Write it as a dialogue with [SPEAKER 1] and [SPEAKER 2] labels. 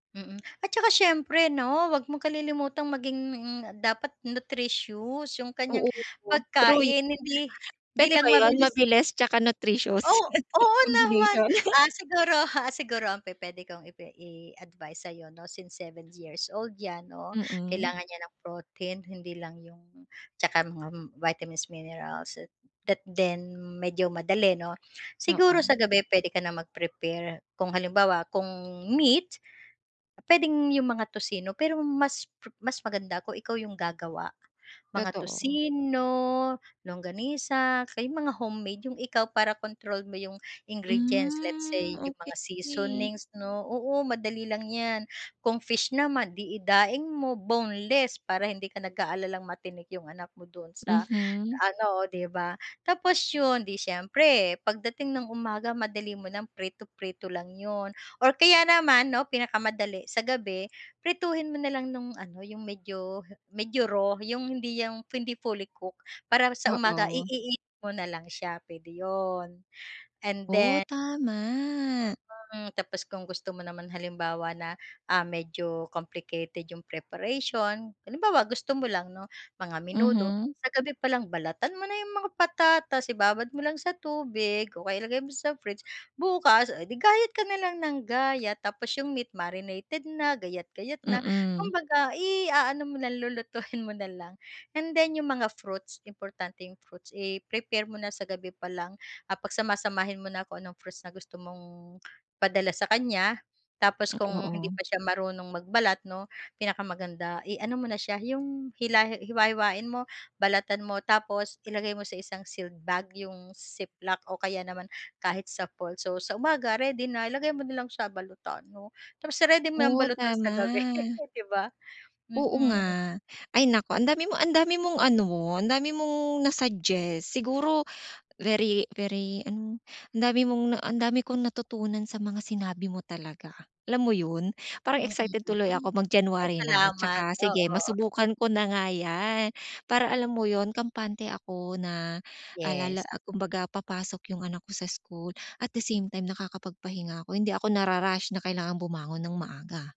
[SPEAKER 1] Mm at saka syempre 'no 'wag mong kalilimutang maging dapat nutritious yung kanyang
[SPEAKER 2] Oo true. True y
[SPEAKER 1] pagkain hindi 'di
[SPEAKER 2] Pwede ba
[SPEAKER 1] lang
[SPEAKER 2] 'yon
[SPEAKER 1] mabilis.
[SPEAKER 2] mabilis tsaka nutritious
[SPEAKER 1] Oh, oo naman
[SPEAKER 2] combination.
[SPEAKER 1] ah ,siguro, ah, siguro ang pupwede kong ipi iadvice sa'yo 'no since 7 years old 'yan 'no
[SPEAKER 2] Mm.
[SPEAKER 1] kailangan niya ng protein, hindi lang yung tsaka mga vitamins, minerals that then medyo madali 'no. Siguro
[SPEAKER 2] Oo.
[SPEAKER 1] sa gabi pwede ka na mag-prepare, kung halimbawa, kung meat, pwedeng yung mga toccino pero mas po mas maganda kung ikaw yung gagawa. Mga
[SPEAKER 2] Totoo.
[SPEAKER 1] toccino, longganisa, o kaya mga homemade yung ikaw para control mo yung ingredients let's
[SPEAKER 2] Hmm,
[SPEAKER 1] say yung mga
[SPEAKER 2] okey.
[SPEAKER 1] seasonings 'no, oo, madali lang 'yan. Kung fish naman di daing mo boneless para hindi ka nag-aalalang matinik yung anak mo don sa
[SPEAKER 2] Mhm.
[SPEAKER 1] ano, 'di ba? Tapos 'yon, di siyempre pagdating ng umaga madali mo ng prito-prito lang 'yon or kaya naman 'no pinakamadali sa gabi, prituhin mo na lang nung ano yung medyo medyo raw yung hindi yung hindi fully cook, para sa umaga
[SPEAKER 2] Oo.
[SPEAKER 1] i-init mo na lang siya, pwede 'yon and
[SPEAKER 2] Oh,
[SPEAKER 1] then
[SPEAKER 2] tama.
[SPEAKER 1] Mm, tapos kung gusto mo naman halimbawa na ah, medyo complicated yung preparation, halimbawa gusto mo lang 'no mga menudo,
[SPEAKER 2] Mhm.
[SPEAKER 1] sa gabi pa lang balatan mo na yung mga patatas, ibabad mo lang sa tubig o kaya ilagay mo sa fridge, bukas oh 'di gayat ka na lang nang gayat tapos yung meat marinated na gayat-gayat na,
[SPEAKER 2] Mm.
[SPEAKER 1] kumbaga i-aano mo lang lulutuin mo na lang. And then yung mga fruits importante yung fruits, i-prepare mo na sa gabi pa lang at pagsama-samahin mo na kung anong fruits na gusto mong padala sa kanya. Tapos kung hindi
[SPEAKER 2] Oo.
[SPEAKER 1] pa siya marunong magbalat 'no pinakamaganda iano mo na siya 'yong hila hiwa-hiwain mo, balatan mo, tapos ilagay mo sa isang sealed bag yung ziplock o kaya naman kahit sa polso. Sa umaga ready na ilagay mo na lang siya balutan 'no tapos iready mo ng
[SPEAKER 2] Oh,
[SPEAKER 1] balutan sa gabi
[SPEAKER 2] tama.
[SPEAKER 1] 'di ba?
[SPEAKER 2] Oo
[SPEAKER 1] Mm.
[SPEAKER 2] nga. Ay naku andami mo andami mong ano, andami mong na-suggest siguro very very ano ang dami mong na ang dami kong natutunan sa mga sinabi mo talaga. Alam mo 'yon? Parang excited tuloy ako
[SPEAKER 1] [unintelligible]
[SPEAKER 2] mag
[SPEAKER 1] ay
[SPEAKER 2] January na
[SPEAKER 1] salamat,
[SPEAKER 2] saka sige
[SPEAKER 1] oo.
[SPEAKER 2] masubukan ko na nga 'yan. Para alam mo 'yon, kampante ako na alala
[SPEAKER 1] Yes.
[SPEAKER 2] ah, kumbaga papasok yung anak ko sa school at the same time nakakapag-pahinga ako hindi ako na-rarush na kailangang bumangon nang maaga.